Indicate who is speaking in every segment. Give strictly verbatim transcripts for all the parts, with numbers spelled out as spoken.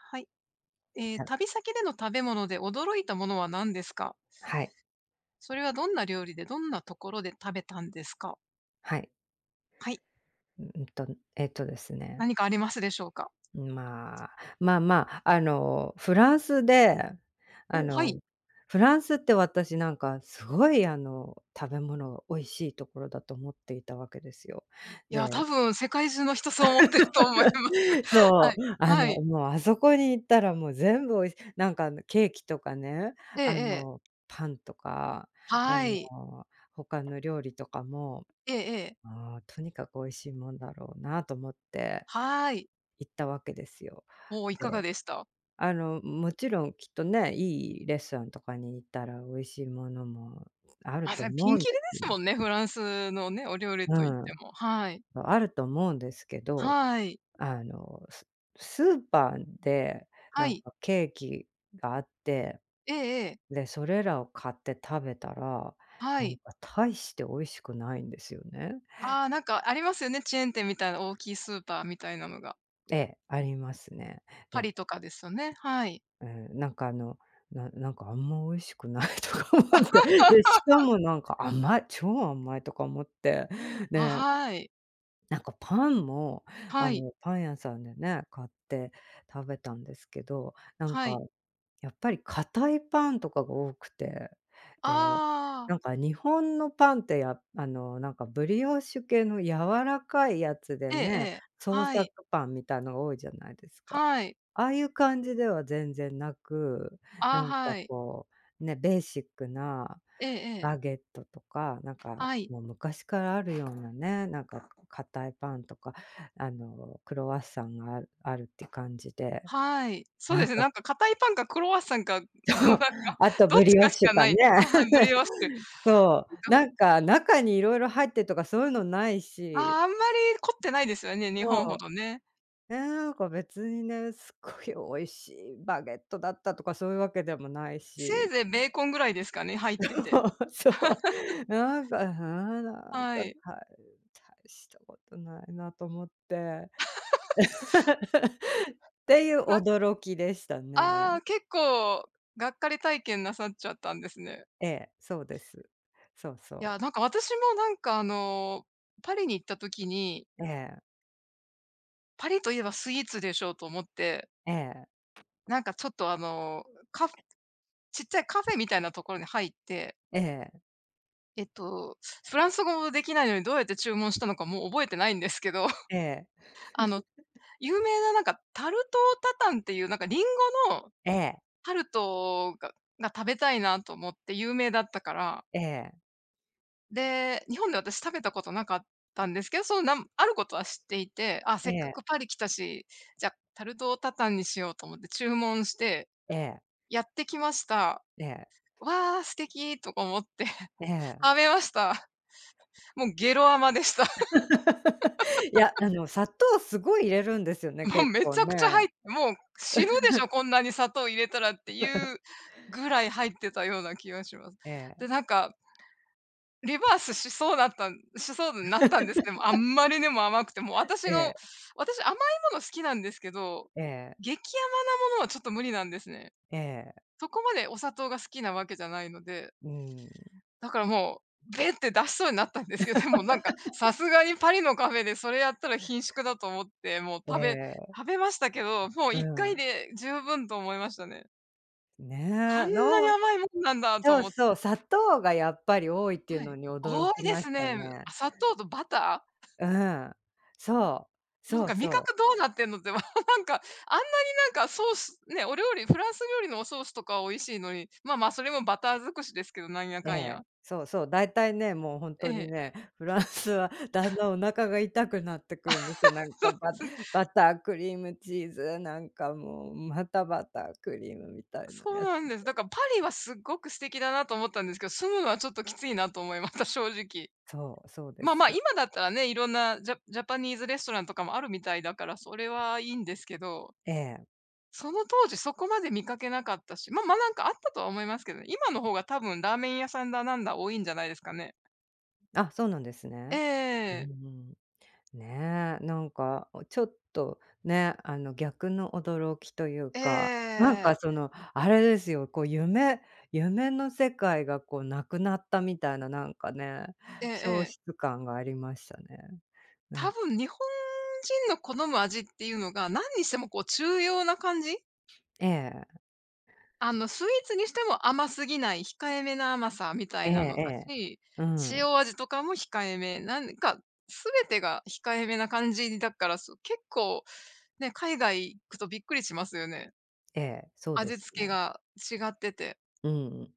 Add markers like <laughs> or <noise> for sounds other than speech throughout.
Speaker 1: はい。ええ、
Speaker 2: <unintelligible>
Speaker 1: 旅先での食べ物で驚いたものは何ですか？
Speaker 2: はい。
Speaker 1: それはどんな料理で、どんなところで食べたんですか。
Speaker 2: はい。
Speaker 1: はい。
Speaker 2: ううんと、えっとですね
Speaker 1: 何かありますでしょうか。
Speaker 2: うまあ、まあまあ、あの、フランスで、あ
Speaker 1: お、はい。
Speaker 2: の、フランスって私なんかすごいあの、食べ物美味しいところだと思っていたわけですよ。
Speaker 1: いや、多
Speaker 2: で
Speaker 1: 分世界中の人そう思ってると思います。
Speaker 2: <laughs>
Speaker 1: は
Speaker 2: そ
Speaker 1: い、
Speaker 2: う、あ
Speaker 1: は
Speaker 2: の、
Speaker 1: い。
Speaker 2: もうあそこに行ったらもう全部美味しなんかあの、ケーキとかね、
Speaker 1: ええ
Speaker 2: あ
Speaker 1: ええ。
Speaker 2: の、パンとか、あ
Speaker 1: はい。
Speaker 2: の、他の料理とかも、
Speaker 1: ええええ。
Speaker 2: もうとにかく美味しいもんだろうなと思って、
Speaker 1: はい。
Speaker 2: 行ったわけですよ。
Speaker 1: おお、いかが
Speaker 2: で、
Speaker 1: でした。
Speaker 2: あの、もちろんきっとね、いいレストランとかに行ったら美味しいものもある
Speaker 1: あ、
Speaker 2: と
Speaker 1: せんピ
Speaker 2: 思
Speaker 1: ン
Speaker 2: うん
Speaker 1: キリで
Speaker 2: で。
Speaker 1: す
Speaker 2: <unintelligible>
Speaker 1: もんね、フランスのね、お料理
Speaker 2: う
Speaker 1: と言って
Speaker 2: ん、
Speaker 1: も、はい。
Speaker 2: ま、あると思うんですけど、
Speaker 1: はい。
Speaker 2: あの、すスーパーで
Speaker 1: は
Speaker 2: なん
Speaker 1: い。
Speaker 2: かケーキがあって、
Speaker 1: ええええ。
Speaker 2: で、それらを買って食べたら、
Speaker 1: は
Speaker 2: なん
Speaker 1: い。
Speaker 2: か大して美味しくないんですよね。
Speaker 1: ああ、なんかありますよね、チェーン店みたいな大きいスーパーみたいなのが。
Speaker 2: ええ、ありますね。
Speaker 1: パ
Speaker 2: で
Speaker 1: リとかですよね、はい。
Speaker 2: うん、なんかあの、ななんかあんま美味しくないとか思って。で、しか
Speaker 1: <laughs>
Speaker 2: もなんか「甘い、超甘い」とか思って。
Speaker 1: あ、
Speaker 2: で
Speaker 1: はい。
Speaker 2: なんかパンも、あ
Speaker 1: はい。
Speaker 2: の、パン屋さんでね、買って食べたんですけど。なん
Speaker 1: は
Speaker 2: か、
Speaker 1: い。
Speaker 2: やっぱり、硬いパンとかが多くて。で、
Speaker 1: ああ。
Speaker 2: なんか日本のパンってやあの、なんかブリオッシュ系の柔らかいやつで
Speaker 1: えええ
Speaker 2: ね、
Speaker 1: え。
Speaker 2: 創
Speaker 1: はい。
Speaker 2: 作パンみたいの多いじゃないですか。
Speaker 1: はい。
Speaker 2: ああいう感じでは全然なく。な
Speaker 1: ああ、
Speaker 2: んか
Speaker 1: はい。
Speaker 2: こう、ね、ベーシックな、
Speaker 1: ええええ。
Speaker 2: バゲットとか、なんか
Speaker 1: はい。
Speaker 2: もう昔からあるようなね、なんか固いパンとか、あのクロワッサンがああるって感じで。
Speaker 1: はい。そう
Speaker 2: な
Speaker 1: で
Speaker 2: ん
Speaker 1: すね、
Speaker 2: か
Speaker 1: なんか硬いパンかクロワッサンかのな
Speaker 2: そ
Speaker 1: ん
Speaker 2: う。
Speaker 1: か、
Speaker 2: あと
Speaker 1: どっ
Speaker 2: ブ
Speaker 1: ち
Speaker 2: リオ
Speaker 1: か
Speaker 2: ッ
Speaker 1: し
Speaker 2: シュ
Speaker 1: かな
Speaker 2: パ
Speaker 1: い
Speaker 2: ン
Speaker 1: っ
Speaker 2: ね。
Speaker 1: てああ、はい、ブリオッシュ。
Speaker 2: <chuckles> そう。
Speaker 1: <unintelligible>
Speaker 2: なんか、中にいろいろ入ってるとかそういうのない
Speaker 1: あ
Speaker 2: し。
Speaker 1: あ、あんまり凝ってないですよね、日本
Speaker 2: そ
Speaker 1: ほ
Speaker 2: う。
Speaker 1: どね。
Speaker 2: なんか別にね「すっごい美味しいバゲットだった」とか、そういうわけでもない
Speaker 1: せい
Speaker 2: し。
Speaker 1: ぜいベーコンぐらいですかね、入って
Speaker 2: そ
Speaker 1: て。
Speaker 2: うそう。
Speaker 1: <chuckles>
Speaker 2: なんか、はなん
Speaker 1: は
Speaker 2: か、
Speaker 1: い。
Speaker 2: たい大したことないなと思って。
Speaker 1: <laughs>
Speaker 2: <laughs> っていう
Speaker 1: なん
Speaker 2: 驚きでしたね。
Speaker 1: ああ、結構、がっかり体験なさっちゃったんですね。
Speaker 2: ええ、そうです。そうそ
Speaker 1: い
Speaker 2: う。
Speaker 1: や、なんか私もなんかあの、パリに行った時に
Speaker 2: ええ。
Speaker 1: パリと言えばスイーツでしょうと思って
Speaker 2: ええ。
Speaker 1: なんかちょっとあの、カちっちゃいカフェみたいなところに入って。
Speaker 2: ええ。
Speaker 1: えっと、フランス語も出来ないのに、どうやって注文したのか、もう覚えてないんですけど。
Speaker 2: ええ。
Speaker 1: あの、
Speaker 2: <laughs>
Speaker 1: 有名ななんか、タルトタタンっていう、なんかリンゴの、
Speaker 2: ええ。
Speaker 1: タルトが、が食べたいなと思って。有名だったから。
Speaker 2: ええ。
Speaker 1: で、日本で私食べたことなかったんですけど、そのなん、あることは知っていて、あ、
Speaker 2: え
Speaker 1: せっか
Speaker 2: え。
Speaker 1: くパリ来たし、じゃ、タルトタタンにしようと思って注文して。
Speaker 2: ええ。
Speaker 1: やってきました。
Speaker 2: ええ。
Speaker 1: わあ、素敵とか思って、
Speaker 2: ええ。
Speaker 1: 食べました。もうゲロアマでした。
Speaker 2: <laughs> いや、
Speaker 1: <laughs>
Speaker 2: あの砂糖すごい入れるんですよね。
Speaker 1: もう
Speaker 2: 結
Speaker 1: め
Speaker 2: 構
Speaker 1: ちゃくちゃ
Speaker 2: ね。
Speaker 1: はい、もう、死ぬでしょ、
Speaker 2: <laughs>
Speaker 1: こんなに砂糖入れたらっていう、
Speaker 2: <laughs>
Speaker 1: ぐらい入ってたような気がします。
Speaker 2: ええ。
Speaker 1: で、なんかリバースしそうだったんしそうになったんですけど、あん
Speaker 2: <laughs>
Speaker 1: まりにも甘くて、もう私
Speaker 2: え
Speaker 1: の、
Speaker 2: え。
Speaker 1: 私甘いもの好きなんですけど、
Speaker 2: ええ。
Speaker 1: 激甘なものはちょっと無理なんですね。
Speaker 2: ええ。
Speaker 1: そこまで、お砂糖が好きなわけじゃないので
Speaker 2: うーん。
Speaker 1: だからもう、べって出しそうになったんですけど、でもなんか、さ
Speaker 2: <laughs>
Speaker 1: すがにパリのカフェでそれやったらひんしゅくだと思って、もう
Speaker 2: え
Speaker 1: 食べ
Speaker 2: え。
Speaker 1: 食べましたけど、もう
Speaker 2: う
Speaker 1: いっかい
Speaker 2: ん。
Speaker 1: で十分と思いましたね。こん
Speaker 2: ね、
Speaker 1: なに
Speaker 2: の
Speaker 1: 甘いもんなんだと
Speaker 2: そう
Speaker 1: 思っ
Speaker 2: そう。砂糖がやっぱり多いっていう
Speaker 1: は
Speaker 2: の
Speaker 1: い。
Speaker 2: に驚
Speaker 1: 多い
Speaker 2: き
Speaker 1: で
Speaker 2: ま
Speaker 1: す
Speaker 2: した
Speaker 1: ね。あ、
Speaker 2: ね。
Speaker 1: 砂糖とバター？
Speaker 2: うん。そう。
Speaker 1: なん
Speaker 2: そう
Speaker 1: か、味
Speaker 2: そう。
Speaker 1: 覚どうなってんのって、<chuckles> なんか、あんなになんか、ソースね、お料理フランス料理のおソースとかは美味しいのに、まあ、まあ、それもバター尽くしですけど、なんや
Speaker 2: え
Speaker 1: かんや。
Speaker 2: え。そうそう。大体ね、もう本
Speaker 1: え
Speaker 2: 当に
Speaker 1: え。
Speaker 2: ね、フランスはだん
Speaker 1: <chuckles>
Speaker 2: だんお腹が痛くなってくるんですよ。なん
Speaker 1: <laughs> そう
Speaker 2: か、
Speaker 1: で
Speaker 2: バ
Speaker 1: す。
Speaker 2: バター、クリームチーズ、なんかもう、またバター、クリームみたいな
Speaker 1: そう
Speaker 2: やつ
Speaker 1: なんです。
Speaker 2: で。
Speaker 1: だからパリはすごく素敵だなと思ったんですけど、住むのはちょっときついなと思いました、正直。
Speaker 2: そう、そうで
Speaker 1: まあ
Speaker 2: す
Speaker 1: まあ、
Speaker 2: よ。
Speaker 1: 今だったらね、色んなジャジャパニーズレストランとかもあるみたいだから、それはいいんですけど。
Speaker 2: ええ。
Speaker 1: その当時そこまで見かけなかったし、まま、なんかあったとは思いますけどね、今の方が多分、ラーメン屋さんだなんだ多いんじゃないですかね。
Speaker 2: あ、そうなんです
Speaker 1: えええ
Speaker 2: ね。うー
Speaker 1: えええ。
Speaker 2: ん。ねえ、なんか、ちょっと、ね、あの、逆の驚きという
Speaker 1: ええええ
Speaker 2: か、なん
Speaker 1: ええええ。
Speaker 2: かその、あれですよ、こう、夢夢の世界がこう、なくなったみたいな、なんかね、
Speaker 1: ええ
Speaker 2: 消
Speaker 1: ええ。
Speaker 2: 失感がありましたね。な
Speaker 1: 多
Speaker 2: ん
Speaker 1: 分、日本人の好む味っていうのが、なんにしてもこう中庸な感じ？
Speaker 2: ええ。
Speaker 1: あの、スイーツにしても甘すぎない控えめな甘さみたい
Speaker 2: ええ
Speaker 1: なのだし、
Speaker 2: ええ、うん。
Speaker 1: 塩味とかも控えめ。なんか、すべてが控えめな感じだから、そう、結構、ね、海外行くとびっくりしますよね。
Speaker 2: ええ、そうで
Speaker 1: 味
Speaker 2: す
Speaker 1: 付け
Speaker 2: ね。
Speaker 1: が違ってて。
Speaker 2: うん。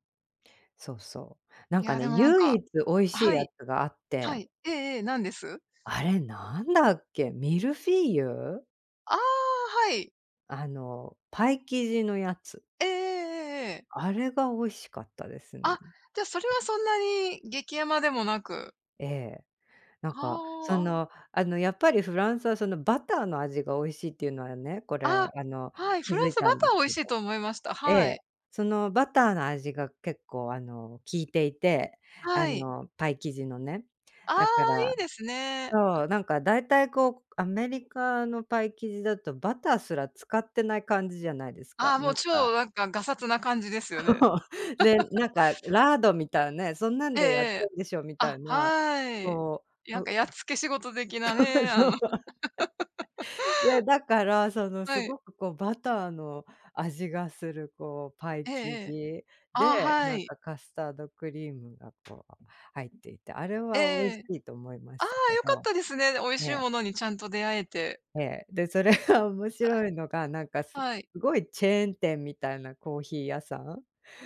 Speaker 2: そうそう、なん
Speaker 1: い
Speaker 2: か
Speaker 1: や、
Speaker 2: ね、
Speaker 1: でもなん
Speaker 2: 唯
Speaker 1: か
Speaker 2: 一美味しい
Speaker 1: は
Speaker 2: や
Speaker 1: い。
Speaker 2: つがあっ
Speaker 1: は
Speaker 2: て
Speaker 1: い。ええええ、何です？
Speaker 2: あれ、なんだっけ？ミルフィーユ？
Speaker 1: ああ、はい。
Speaker 2: あの、パイ生地のやつ
Speaker 1: ええええええええ。
Speaker 2: あれが美味しかったです
Speaker 1: あ、
Speaker 2: ね。
Speaker 1: じゃ、それはそんなに激甘でもなく。
Speaker 2: ええ。なん
Speaker 1: は
Speaker 2: か、そ
Speaker 1: あ。
Speaker 2: の、あの、やっぱりフランスはその、バターの味が美味しいっていうのはね、こ
Speaker 1: あ
Speaker 2: れ、あの、
Speaker 1: あ、はい、
Speaker 2: 気
Speaker 1: フラ
Speaker 2: づ
Speaker 1: ン
Speaker 2: い
Speaker 1: ス
Speaker 2: た
Speaker 1: バ
Speaker 2: ん
Speaker 1: タ
Speaker 2: です
Speaker 1: ー美
Speaker 2: け
Speaker 1: 味しい
Speaker 2: ど
Speaker 1: と思いました、
Speaker 2: え
Speaker 1: は
Speaker 2: え、
Speaker 1: い。
Speaker 2: そのバターの味が結構あの、効いていて、あ
Speaker 1: はい。
Speaker 2: の、パイ生地のね。
Speaker 1: あ
Speaker 2: だか
Speaker 1: あ、
Speaker 2: ら。
Speaker 1: いいですね。
Speaker 2: そう、なんか大体こう、アメリカのパイ生地だとバターすら使ってない感じじゃないですか、
Speaker 1: ああ、も
Speaker 2: な
Speaker 1: う、
Speaker 2: んか。
Speaker 1: 超、なんか、がさつな感じですよね。
Speaker 2: そう、で、
Speaker 1: <laughs>
Speaker 2: なんかラードみたいね、そんなん
Speaker 1: ええ
Speaker 2: でやって
Speaker 1: ええ。
Speaker 2: るんでしょみた
Speaker 1: あ、
Speaker 2: いな、
Speaker 1: はい。
Speaker 2: そう。
Speaker 1: やん
Speaker 2: そ
Speaker 1: かやっつけ仕事的な
Speaker 2: そう
Speaker 1: ね、あ
Speaker 2: そう。
Speaker 1: の。<chuckles>
Speaker 2: <chuckles> で、だから、そのす
Speaker 1: はい。
Speaker 2: ごくこう、バターの味がするこう、パイ
Speaker 1: ええ
Speaker 2: 生
Speaker 1: ええ。
Speaker 2: 地
Speaker 1: ああ、
Speaker 2: で、
Speaker 1: は
Speaker 2: なん
Speaker 1: い。
Speaker 2: かカスタードクリームがこう入っていて、あれ
Speaker 1: え
Speaker 2: は美味し
Speaker 1: え。
Speaker 2: いと思いま
Speaker 1: あ
Speaker 2: した
Speaker 1: あ、
Speaker 2: け
Speaker 1: よかっ
Speaker 2: ど。
Speaker 1: たですね、で、美味
Speaker 2: え
Speaker 1: しい
Speaker 2: え。
Speaker 1: ものにちゃんと出会えて。
Speaker 2: ええ、で、それが面
Speaker 1: あ、
Speaker 2: 白いのが、なんかす
Speaker 1: はい。
Speaker 2: すごいチェーン店みたいなコーヒー屋さん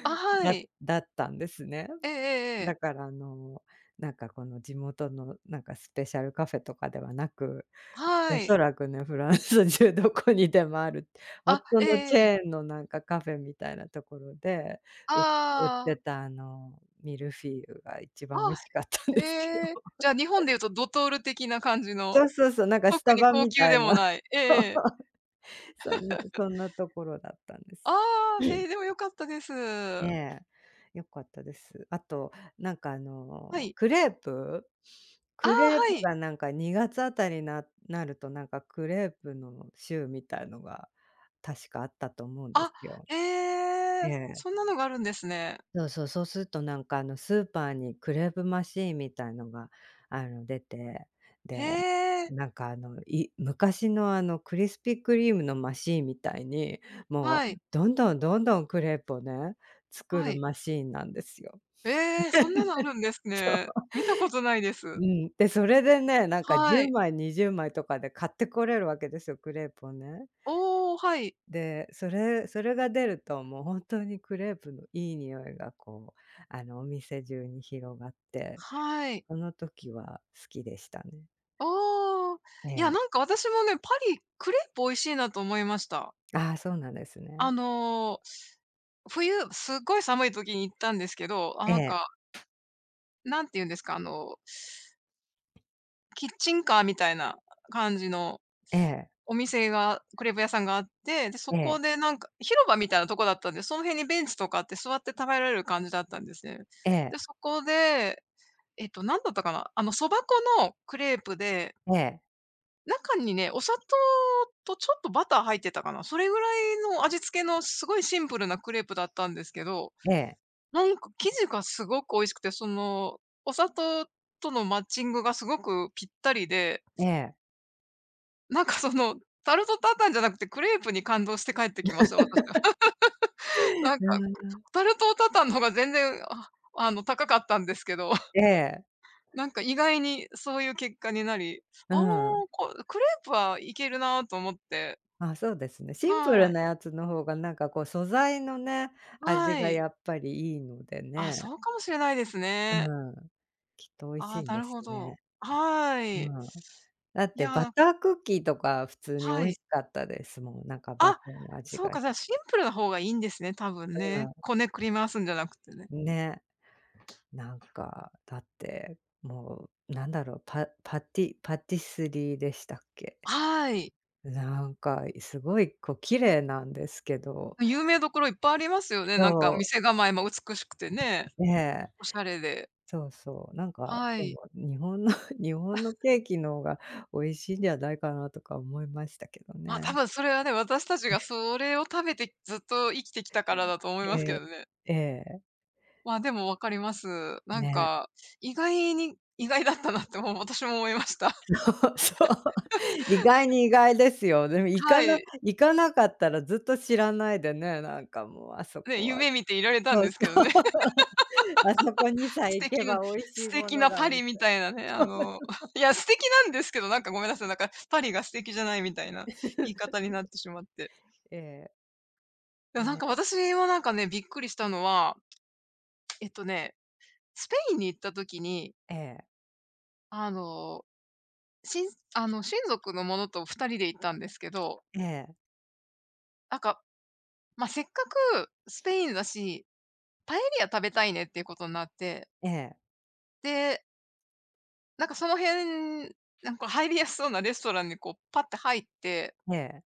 Speaker 1: あ、は
Speaker 2: だ
Speaker 1: い。
Speaker 2: だったんですね。
Speaker 1: ええええええ。
Speaker 2: だからあの、なんか、この、地元の、なんかスペシャルカフェとかではなく、
Speaker 1: は
Speaker 2: お
Speaker 1: い。
Speaker 2: そらくね、フランス中どこにでもある、ほん
Speaker 1: あ、
Speaker 2: と
Speaker 1: ええ
Speaker 2: のチ
Speaker 1: ええ。
Speaker 2: ェーンのなんかカフェみたいなところで、う売っ
Speaker 1: あ
Speaker 2: て
Speaker 1: あ。
Speaker 2: たあの、ミルフィーユが一
Speaker 1: あ
Speaker 2: 番美味し
Speaker 1: あ。
Speaker 2: かったんですよ。
Speaker 1: へえ。じゃあ、日本
Speaker 2: <chuckles>
Speaker 1: で言うとドトール的な感じ
Speaker 2: そ
Speaker 1: の。
Speaker 2: うそうそう、なんかス
Speaker 1: 特
Speaker 2: タ
Speaker 1: に
Speaker 2: バ
Speaker 1: 高
Speaker 2: み
Speaker 1: 級
Speaker 2: た
Speaker 1: で
Speaker 2: いな。
Speaker 1: もない。ええええ。
Speaker 2: <chuckles> そんな
Speaker 1: <chuckles>
Speaker 2: そんなところだったんで
Speaker 1: あ
Speaker 2: す。
Speaker 1: あ、へ
Speaker 2: <clears throat>
Speaker 1: え、でもよかったです。
Speaker 2: ええ、よかったです。あと、なんかあ
Speaker 1: は
Speaker 2: の、
Speaker 1: い。
Speaker 2: クレープ？
Speaker 1: ああ、
Speaker 2: クレープ
Speaker 1: はい。
Speaker 2: がなんかにがつあたりにななると、なんかクレープの週みたいのが確かあったと思うんで
Speaker 1: あ、
Speaker 2: すよ。
Speaker 1: へ
Speaker 2: え
Speaker 1: え、
Speaker 2: え。
Speaker 1: そんなのがあるんですね。
Speaker 2: そうそう、そうするとなんかあの、スーパーにクレープマシーンみたいのがあの、出て、
Speaker 1: へ
Speaker 2: で、
Speaker 1: え。
Speaker 2: なんかあの、い昔のあの、クリスピークリームのマシーンみたいに、も
Speaker 1: は
Speaker 2: う、
Speaker 1: い。
Speaker 2: どんどんどんどんクレープをね、作
Speaker 1: は
Speaker 2: る
Speaker 1: い。
Speaker 2: マシーンなんですよ。
Speaker 1: ええ、そんなのあるんです
Speaker 2: <laughs> そ
Speaker 1: ね。
Speaker 2: う。
Speaker 1: 見たことないで
Speaker 2: う
Speaker 1: す。
Speaker 2: ん、で、それでね、なんかじ
Speaker 1: は
Speaker 2: ゅう
Speaker 1: い。
Speaker 2: まいにじゅうまいとかで買ってこれるわけですよ、クレープをね。
Speaker 1: おお、はい。
Speaker 2: で、それそれが出るともうほんとにクレープのいい匂いがこう、あの、お店中に広がって、
Speaker 1: はい。
Speaker 2: その時は好きでしたね。
Speaker 1: ああ、
Speaker 2: え
Speaker 1: いや、
Speaker 2: え。
Speaker 1: なんか私もね、パリ、クレープ美味しいなと思いました。
Speaker 2: ああ、そうなんです
Speaker 1: あ
Speaker 2: ね。
Speaker 1: の、冬、すっごい寒い時に行ったんですけど、あ、
Speaker 2: え
Speaker 1: なんか
Speaker 2: え。
Speaker 1: なんて言うんですか。あのキッチンカーみたいな感じの、
Speaker 2: ええ。
Speaker 1: お店が、クレープ屋さんがあって、で、そ
Speaker 2: え
Speaker 1: こ
Speaker 2: え。
Speaker 1: でなんか、広場みたいなとこだったんで、その辺にベンチとかあって座って食べられる感じだったんですね。
Speaker 2: ええ。
Speaker 1: で、そこで、えっと、何だったかな。あの、そば粉のクレープで
Speaker 2: ええ。
Speaker 1: 中にね、お砂糖とちょっとバター入ってたかな。それぐらいの味付けのすごいシンプルなクレープだったんですけど。
Speaker 2: ええ。
Speaker 1: なんか生地がすごく美味しくて、その、お砂糖とのマッチングがすごくぴったりで
Speaker 2: ええ。
Speaker 1: なんかその、タルト・タタンじゃなくて、クレープに感動して帰ってきました、私は。<laughs>
Speaker 2: <laughs> う
Speaker 1: なんか、
Speaker 2: ーん。
Speaker 1: タルト・タタンの方が全然、ああの、高かったんですけど。<chuckles>
Speaker 2: ええ。
Speaker 1: なんか意外にそういう結果になり、
Speaker 2: う
Speaker 1: ああ、
Speaker 2: ん。
Speaker 1: こクレープはいけるなと思って。
Speaker 2: あ、そうですね、シンプル
Speaker 1: はい。
Speaker 2: なやつの方がなんかこう素材のね、味
Speaker 1: は
Speaker 2: が
Speaker 1: い。
Speaker 2: やっぱりいいので
Speaker 1: ああ、
Speaker 2: ね。
Speaker 1: そうかもしれないです
Speaker 2: う
Speaker 1: ね。
Speaker 2: ん。きっと美味し
Speaker 1: あ
Speaker 2: いん
Speaker 1: あ、な
Speaker 2: で
Speaker 1: る
Speaker 2: す
Speaker 1: ほ
Speaker 2: ね。
Speaker 1: ど。あ、は
Speaker 2: う
Speaker 1: い。
Speaker 2: ん。だっ
Speaker 1: い
Speaker 2: てバ
Speaker 1: や。
Speaker 2: タークッキーとか普通に美
Speaker 1: は
Speaker 2: 味
Speaker 1: い。
Speaker 2: しかったですもん。なんかバタ
Speaker 1: あ、
Speaker 2: ーの味
Speaker 1: そ
Speaker 2: が
Speaker 1: う
Speaker 2: し
Speaker 1: か。じゃあ、シン
Speaker 2: て。
Speaker 1: プルな方がいいんですね、多分
Speaker 2: う
Speaker 1: ね。
Speaker 2: ん。
Speaker 1: こねくり回すんじゃなくてね。
Speaker 2: ね。なんか、だって、もう、何だろう、パパティパティスリーでしたっけ。
Speaker 1: はい。
Speaker 2: なんか、いすごい、こう、綺麗なんですけど。
Speaker 1: あ、有名どころいっぱいありますよね。
Speaker 2: そ
Speaker 1: なんか
Speaker 2: う。
Speaker 1: 店構えも美しくてね。
Speaker 2: ええ。
Speaker 1: お洒落で。
Speaker 2: そうそう。なんか、
Speaker 1: は
Speaker 2: で
Speaker 1: い。
Speaker 2: も日本の、日本
Speaker 1: <coughs>
Speaker 2: のケーキの方が、美味しいんじゃないかなとか思いましたけど
Speaker 1: まあ、
Speaker 2: ね。
Speaker 1: 多分それはね、私たちが
Speaker 2: ね。
Speaker 1: それを食べてずっと生きてきたからだと
Speaker 2: <clears throat>
Speaker 1: 思いま
Speaker 2: え
Speaker 1: すけ
Speaker 2: え、
Speaker 1: どね。
Speaker 2: ええ。
Speaker 1: まあ、でも分かります。なん
Speaker 2: ね。
Speaker 1: か、意外に意外だったなってもう私も思いました。
Speaker 2: そうそう。<chuckles> 意外
Speaker 1: <chuckles>
Speaker 2: に意外ですよ。でも行
Speaker 1: は
Speaker 2: かな
Speaker 1: い。
Speaker 2: 行かなかったらずっと知らないでね、なんかもうあそ
Speaker 1: ね、
Speaker 2: こは。
Speaker 1: 夢見ていられたん
Speaker 2: そう
Speaker 1: で
Speaker 2: そ
Speaker 1: す
Speaker 2: う。
Speaker 1: けどね。
Speaker 2: <chuckles> あそこに
Speaker 1: <laughs>
Speaker 2: さえ
Speaker 1: 素
Speaker 2: 行け
Speaker 1: 敵の
Speaker 2: ば美味し
Speaker 1: 素
Speaker 2: いも
Speaker 1: 敵
Speaker 2: の
Speaker 1: な
Speaker 2: が、
Speaker 1: パ
Speaker 2: み
Speaker 1: リみ
Speaker 2: たい。
Speaker 1: たいなね。あの、<chuckles>
Speaker 2: <unintelligible>
Speaker 1: いや、素敵なんですけど、なんかごめんなさ
Speaker 2: <unintelligible>
Speaker 1: い、なんか、パリが素敵じゃないみたいな言い方になっ
Speaker 2: <chuckles>
Speaker 1: てしまって。
Speaker 2: ええ。
Speaker 1: や、
Speaker 2: ん、
Speaker 1: なんか
Speaker 2: ね。
Speaker 1: 私はなんかね、びっくりしたのはえっとね、スペインに行った時に
Speaker 2: ええ。
Speaker 1: あの、しんあの、親族の者とふたりで行ったんですけど。
Speaker 2: ええ。
Speaker 1: あかまあ「せっかくスペインだし、パエリア食べたいね」っていうことになって。
Speaker 2: ええ。
Speaker 1: でなんかその辺、なんこう入りやすそうなレストランにこう、ぱっと入って。
Speaker 2: ええ。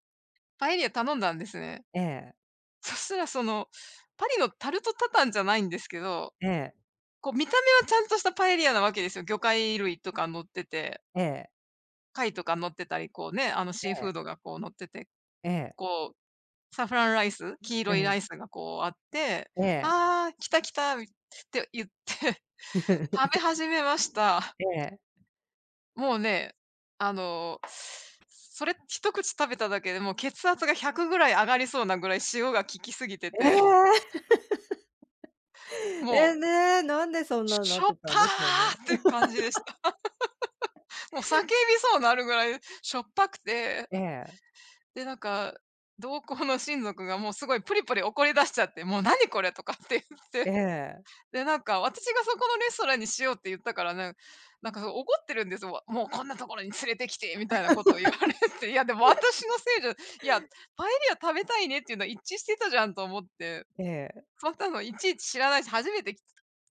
Speaker 1: パエリア頼んだんですね。
Speaker 2: ええ。
Speaker 1: そしたら、その、パリのタルトタタンじゃないんですけど。
Speaker 2: ええ。
Speaker 1: こう、見た目はちゃんとしたパエリアなわけですよ、魚介類とか乗ってて。
Speaker 2: ええ。
Speaker 1: 貝とか乗ってたり、こう、ね、あの、
Speaker 2: え
Speaker 1: シーフ
Speaker 2: え。
Speaker 1: ードが、こう乗ってて。
Speaker 2: ええ。
Speaker 1: こう、サフランライス、黄色
Speaker 2: う
Speaker 1: いラ
Speaker 2: ん。
Speaker 1: イスがこうあって
Speaker 2: ええ。
Speaker 1: 「ああ、来た来た」みて、言って、食べ始めまし
Speaker 2: <chuckles>
Speaker 1: た。
Speaker 2: ええ。
Speaker 1: もうね、あの、それ一口食べただけで、もう血圧がひゃくぐらい上がりそうなぐらい塩が効きすぎて
Speaker 2: え。
Speaker 1: て。
Speaker 2: <laughs>
Speaker 1: もう
Speaker 2: え、ね、なんでそん
Speaker 1: 「しょ
Speaker 2: なんな
Speaker 1: し
Speaker 2: っ
Speaker 1: ょっ
Speaker 2: て
Speaker 1: ぱ！」
Speaker 2: たんでしょうね。
Speaker 1: って感じでした。
Speaker 2: <laughs>
Speaker 1: <laughs> もう叫びそうなるぐらいしょっぱくて。
Speaker 2: ええ。
Speaker 1: で、なんか、同行の親族がもう、すごいぷりぷり怒り出しちゃって。「もう何これ」とかって言っ
Speaker 2: え
Speaker 1: て。
Speaker 2: え。
Speaker 1: で、なんか、私が「そこのレストランにしよう」って言ったからね、なんか怒ってるんです。わ「もうこんなところに連れてきて」みたいなこと言われ
Speaker 2: <laughs>
Speaker 1: て。いや、でも私
Speaker 2: <unintelligible>
Speaker 1: のせいじゃいや、パエリア食べたいねっていうのは一致してたじゃんと思って。
Speaker 2: ええ。
Speaker 1: そんなのいちいち知らないし、初めてき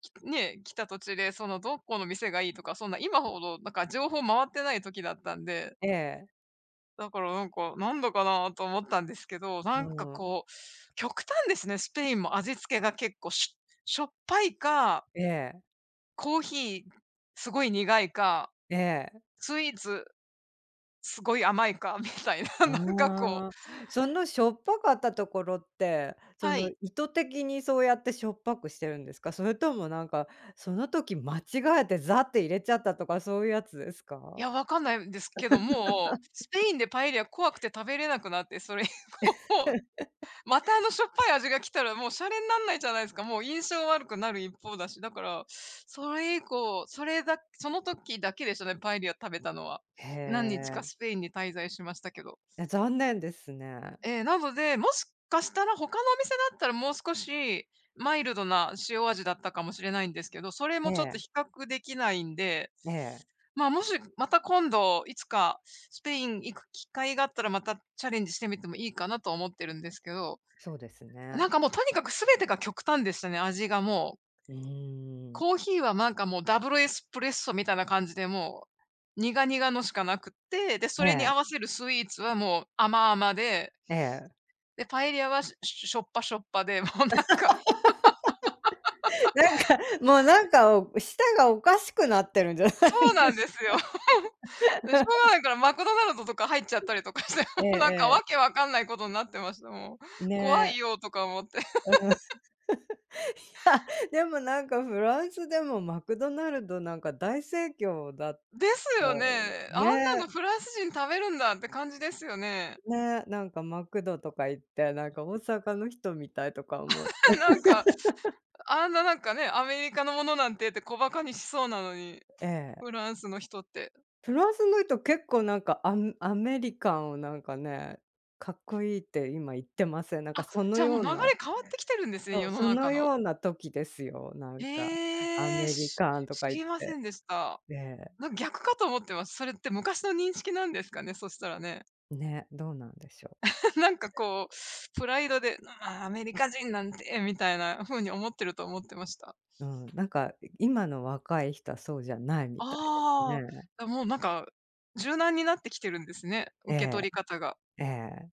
Speaker 1: つきねえ、来た途中で、その、どこの店がいいとか、そんな今ほどなんか情報回ってない時だったんで。
Speaker 2: ええ。
Speaker 1: だからなんか「なんだかなあ」と思ったんですけど。
Speaker 2: う
Speaker 1: なんか
Speaker 2: ーん。
Speaker 1: こう、極端ですね、スペインも味付けが結構、ししょっぱいか
Speaker 2: ええ。
Speaker 1: コーヒー、すごい苦いか。
Speaker 2: ええ。
Speaker 1: スイーツ、すごい甘いか、みたいな、なんかこう。
Speaker 2: んあ。そのしょっぱかったところって、そ
Speaker 1: は
Speaker 2: の
Speaker 1: い。
Speaker 2: 意図的にそうやってしょっぱくしてるんですか？それともなんか、その時、間違えてざって入れちゃったとかそういうやつです
Speaker 1: い
Speaker 2: か？
Speaker 1: や、分かんないんですけど、もう、スペ
Speaker 2: <laughs>
Speaker 1: インでパエリア怖くて食べれなくなって、それ以降。
Speaker 2: <laughs>
Speaker 1: またあの、しょっぱい味が来たら、もう洒落になんないじゃないですか、もう印象悪くなる一方だし。だから、それ以降、それだその時だけですね、パエリア食べたのは。
Speaker 2: へ
Speaker 1: 何日か
Speaker 2: え。
Speaker 1: スペインに滞在しましたけど。
Speaker 2: や、残念ですね。
Speaker 1: ええ、なので、もしかしたら他のお店だったら、もう少しマイルドな塩味だったかもしれないんですけど、それ
Speaker 2: え
Speaker 1: もちょっと
Speaker 2: え。
Speaker 1: 比較できないんで。
Speaker 2: ええ。
Speaker 1: まあ、もし、また今度いつかスペイン行く機会があったら、またチャレンジしてみてもいいかなと思ってるんですけど。
Speaker 2: そうですね。
Speaker 1: なんかもう、とにかく全てが極端でしたね、味がもう。
Speaker 2: うーん。
Speaker 1: コーヒーはなんかもう、ダブルエスプレッソみたいな感じで、もう、苦々のしかなくって、で、そ
Speaker 2: え
Speaker 1: れに
Speaker 2: え。
Speaker 1: 合わせるスイーツは、もう甘々で。
Speaker 2: ええ。
Speaker 1: で、パエリアはししょっぱ、しょっぱで。もうなんか <laughs>
Speaker 2: <laughs> なんか、もうなんか舌がおかしくなってるんじゃな
Speaker 1: そう
Speaker 2: い
Speaker 1: な
Speaker 2: で
Speaker 1: ん
Speaker 2: す
Speaker 1: で
Speaker 2: か？
Speaker 1: すよ。<chuckles> で、しょうが
Speaker 2: <laughs>
Speaker 1: ないから、マクドナルドとか入っちゃったりとかして、
Speaker 2: ええ
Speaker 1: もうなんか
Speaker 2: ええ。
Speaker 1: 訳分かんないことになってました、もう、怖い
Speaker 2: ね。
Speaker 1: よ、とか思って。
Speaker 2: うん。<chuckles> い
Speaker 1: <laughs>
Speaker 2: や、でもなんかフランスでもマクドナルドなんか大盛況だっ
Speaker 1: です
Speaker 2: た
Speaker 1: よね。あんなの
Speaker 2: ね。
Speaker 1: フランス人食べるんだって感じですよね。
Speaker 2: ね、なんかマクドとか行って、なんか大阪の人みたいとか思って。
Speaker 1: <laughs> なんか、
Speaker 2: <laughs>
Speaker 1: あんななんかね、アメリカのものなんてって小馬鹿にしそうなのに、
Speaker 2: ええ。
Speaker 1: フランスの人って。
Speaker 2: フランスの人、結構なんか、アアメリカンをなんかね、かっこいいって今言ってません？なん
Speaker 1: あ
Speaker 2: か
Speaker 1: っ、
Speaker 2: その
Speaker 1: じゃあもう、
Speaker 2: よ
Speaker 1: 流
Speaker 2: う
Speaker 1: れ
Speaker 2: な
Speaker 1: 変わってきてるんです
Speaker 2: そ
Speaker 1: ね、
Speaker 2: う、
Speaker 1: 世の
Speaker 2: その
Speaker 1: 中の。
Speaker 2: ような時ですよ、なんか、ア
Speaker 1: へえ。
Speaker 2: メリ
Speaker 1: し
Speaker 2: カンと
Speaker 1: 知
Speaker 2: か言っ
Speaker 1: りませ
Speaker 2: て。
Speaker 1: んでした。
Speaker 2: ええ。
Speaker 1: なんか逆かと思ってます。それって昔の認識なんですかね、そしたらね。
Speaker 2: ね、どうなんでしょう？
Speaker 1: <chuckles> なんかこう、プライドで、「ああ、アメリカ人なんて」みたいな風に思ってると思ってました。
Speaker 2: うん、なんか今の若い人はそうじゃないみたいです
Speaker 1: あ
Speaker 2: ね。
Speaker 1: あ、もうなんか、柔軟になってきてるんですね、
Speaker 2: え
Speaker 1: 受け
Speaker 2: え。
Speaker 1: 取り方が。
Speaker 2: ええ。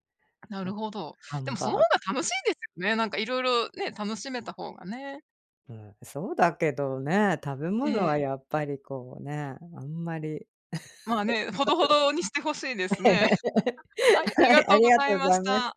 Speaker 1: なる
Speaker 2: な、
Speaker 1: ほど。
Speaker 2: ハ
Speaker 1: でも、
Speaker 2: ンバ
Speaker 1: そ
Speaker 2: ー
Speaker 1: の方
Speaker 2: ガー
Speaker 1: が楽しい
Speaker 2: <unintelligible>
Speaker 1: ですよね。なんか色々ね、楽しめた方がね。
Speaker 2: うん、そうだけどね、食べ物
Speaker 1: ええ。
Speaker 2: はやっぱりこうね、あんまり。
Speaker 1: まあね、ほどほどにしてほしいです
Speaker 2: <laughs> え
Speaker 1: ね。
Speaker 2: え。
Speaker 1: <laughs> はい、あり
Speaker 2: は
Speaker 1: が
Speaker 2: い、
Speaker 1: と
Speaker 2: あ
Speaker 1: うご
Speaker 2: りが
Speaker 1: ざ
Speaker 2: と
Speaker 1: い
Speaker 2: うご
Speaker 1: ま
Speaker 2: ざい
Speaker 1: し
Speaker 2: ます。
Speaker 1: た。